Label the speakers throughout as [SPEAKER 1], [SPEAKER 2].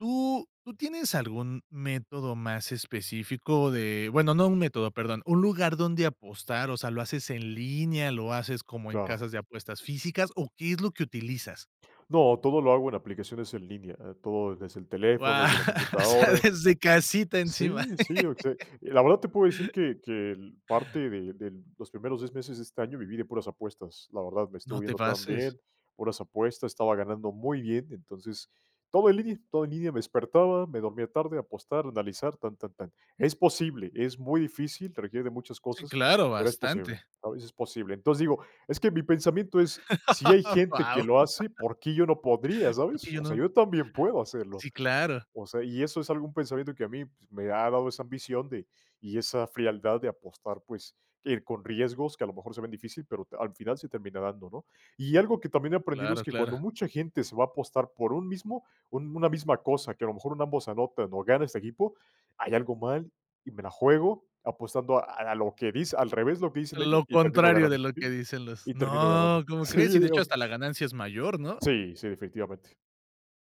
[SPEAKER 1] ¿Tú tú tienes algún método más específico de bueno, no un método, perdón, un lugar dónde apostar, o sea, lo haces en línea, lo haces como en
[SPEAKER 2] Claro.
[SPEAKER 1] casas de apuestas físicas o qué es lo que utilizas?
[SPEAKER 2] No, todo lo hago en aplicaciones en línea, eh, todo desde el teléfono,
[SPEAKER 1] Guau,
[SPEAKER 2] desde la
[SPEAKER 1] o sea
[SPEAKER 2] computadora.
[SPEAKER 1] desde casita, encima.
[SPEAKER 2] Sí, sí, o se la verdad, te puedo decir que que l parte de del los primeros 10 meses de este año viví de puras apuestas, la verdad, me estuvo
[SPEAKER 1] No te
[SPEAKER 2] yendo tan
[SPEAKER 1] pases.
[SPEAKER 2] bien, puras apuestas, estaba ganando muy bien. Entonces, todo en línea y todo en línea, me despertaba, me dormía tarde, apostar, analizar, tan, tan, tan. Es posible, es muy difícil, requiere de muchas
[SPEAKER 1] Sí,
[SPEAKER 2] cosas,
[SPEAKER 1] claro,
[SPEAKER 2] pero es posible,
[SPEAKER 1] bastante.
[SPEAKER 2] ¿sabes?, es posible. Entonces digo, es que mi pensamiento es: "Si hay gente que
[SPEAKER 1] Guau.
[SPEAKER 2] lo hace, ¿por qué yo no podría,
[SPEAKER 1] ¿Por
[SPEAKER 2] sabes?",
[SPEAKER 1] qué yo
[SPEAKER 2] o sea,
[SPEAKER 1] no?
[SPEAKER 2] yo también puedo hacerlo,
[SPEAKER 1] Sí, claro.
[SPEAKER 2] o sea, y eso es algún pensamiento que a mí, pues, me ha dado esa ambición de y esa frialdad de apostar, pues, ir con riesgos que, a lo mejor se ven difícil, pero t al final se termina dando, ¿no? Y algo que también he aprendido es
[SPEAKER 1] Claro,
[SPEAKER 2] que
[SPEAKER 1] claro.
[SPEAKER 2] cuando mucha gente se va a apostar por un mismo un una misma cosa, que a lo mejor en ambos anotan o gana este equipo, hay algo mal y me la juego, apostando a a lo que dis al revés de lo que dicen ellos,
[SPEAKER 1] Lo
[SPEAKER 2] y termino
[SPEAKER 1] contrario
[SPEAKER 2] ganando
[SPEAKER 1] de lo que
[SPEAKER 2] Sí,
[SPEAKER 1] dicen los
[SPEAKER 2] y termino ganando
[SPEAKER 1] No, ¿cómo
[SPEAKER 2] Sí,
[SPEAKER 1] crees? Y, de
[SPEAKER 2] o
[SPEAKER 1] hecho,
[SPEAKER 2] s
[SPEAKER 1] hasta la ganancia es mayor, ¿no?
[SPEAKER 2] Sí, sí, definitivamente.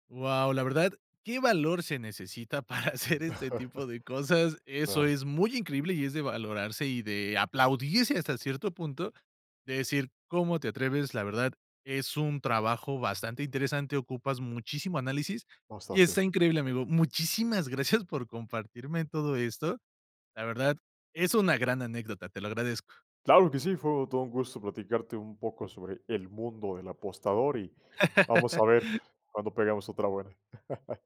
[SPEAKER 1] Guau, la verdad, qué valor se necesita para hacer este tipo de cosas, eso
[SPEAKER 2] Claro.
[SPEAKER 1] es muy increíble y es de valorarse y de aplaudirse, hasta cierto punto, de decir: "¿Cómo te atreves?". La verdad, es un trabajo bastante interesante, ocupas muchísimo análisis y, está
[SPEAKER 2] Bastante.
[SPEAKER 1] increíble, amigo. Muchísimas gracias por compartirme todo esto. La verdad, es una gran anécdota, te lo agradezco.
[SPEAKER 2] Claro que sí, fue todo un gusto platicarte un poco sobre el mundo del apostador, y vamos a ver cuándo pegamos otra buena.